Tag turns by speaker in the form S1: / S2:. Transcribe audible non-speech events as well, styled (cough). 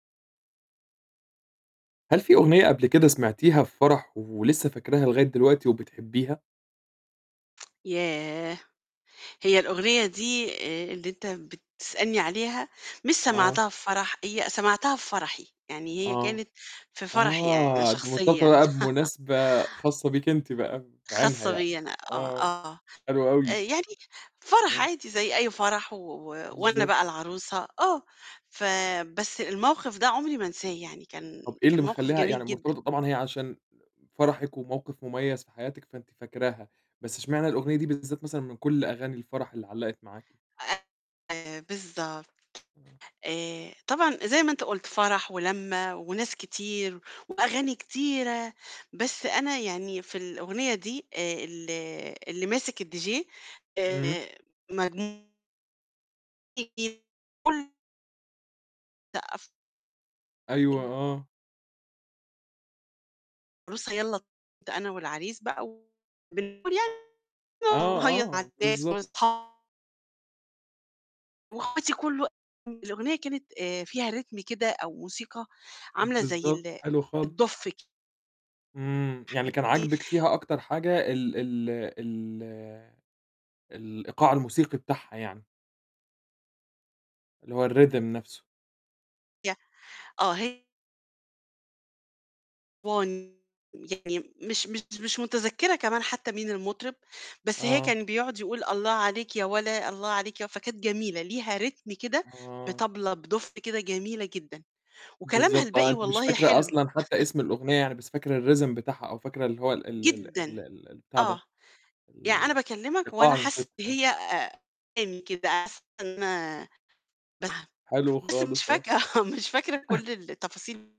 S1: هل في أغنية قبل كده سمعتيها في فرَح ولسّه فاكراها لغاية دلوقتي وبتحبّيها؟
S2: (tsk) ياه! هي الأغنية دي آآ اللي أنت بتسألني عليها مش
S1: آه.
S2: سمعتها في فرَح، هي سمعتها في فرَحي، يعني هي
S1: آه.
S2: كانت في فرَحي أنا
S1: آه، دي مرتبطة
S2: شخصيًا.
S1: بقى
S2: (laughs)
S1: بمناسبة خاصة بيكِ أنتِ بقى بعينها
S2: خاصة
S1: يعني،
S2: بيّا أنا آه،
S1: آه،
S2: آه.
S1: حلو
S2: آآ،
S1: أوي.
S2: يعني فرَح
S1: آه.
S2: عادي زي أي فرَح، و و وأنا
S1: بالضبط.
S2: بقى العروسة، آه، فبس الموقِف ده عمري ما أنساه يعني كان
S1: طَب إيه اللي
S2: كان موقِف
S1: مخلّيها
S2: جميل
S1: يعني
S2: جدًا.
S1: مرتبطة طبعًا هي عشان فرَحك وموقِف مُميّز في حياتِك، فأنتِ فاكراها، بس إشمعنى الأغنية دي بالذات مثلًا من كل أغاني الفرَح اللي علّقت معاكِ.
S2: أيوه بالضبط. آآ طبعًا زي ما أنت قُلت فرَح ولَمّة وناس كتير وأغاني كتيرة، بس أنا يعني في الأغنية دي آآ ال اللي ماسِك الDJ
S1: إمم.
S2: آآ مجن (unintelligible) لأ، أف
S1: أيوه،
S2: (unintelligible)
S1: آه.
S2: (unintelligible) ده أنا والعريس بقى (unintelligible)
S1: آه،
S2: نهيّص مع
S1: آه،
S2: الناس
S1: بالضبط.
S2: وأصحا وأخواتي كل و الأغنية كانت آآ، فيها ريتم كده أو موسيقى عاملة زي
S1: بالضبط، حلو خالص.
S2: الدُف ك
S1: إمم. يعني اللي كان عاجبِك
S2: (unintelligible)
S1: فيها أكتر حاجة ال ال ال الإيقاع الموسيقي بتاعها يعني. اللي هو ال، rhythm نَفْسه.
S2: (unintelligible) آه، هي (unintelligible) يعني مش مش مش مُتذكِّرة كمان حتّى مين المُطرِب، بس هي
S1: آه.
S2: كان بيقعد يقول: "الله عليك يا ولا، الله عليك يا و" فكانت جميلة ليها ريتم كده
S1: آه.
S2: بطبلة بدُف كده جميلة جدًا، وكلامها
S1: بالضبط آه.
S2: الباقي
S1: أنتِ مش
S2: والله
S1: فاكرة
S2: حلو.
S1: أصلًا حتّى
S2: (chuckles)
S1: اسم الأغنية يعني بس فاكرة الrhythm بتاعها أو فاكرة اللي هو ال ال
S2: جدًا.
S1: ال ال البتاع ده
S2: آه. يع أنا باكلِّمك وأنا
S1: إيقاع
S2: حاسّة
S1: الموسيقي
S2: إن
S1: آه.
S2: هي آآ، (unintelligible) كده أحسن آآ، (unintelligible)
S1: حلو
S2: بس مش
S1: خالص، آه.
S2: فاكرة آه، مش فاكرة
S1: (chuckles)
S2: كل التفاصيل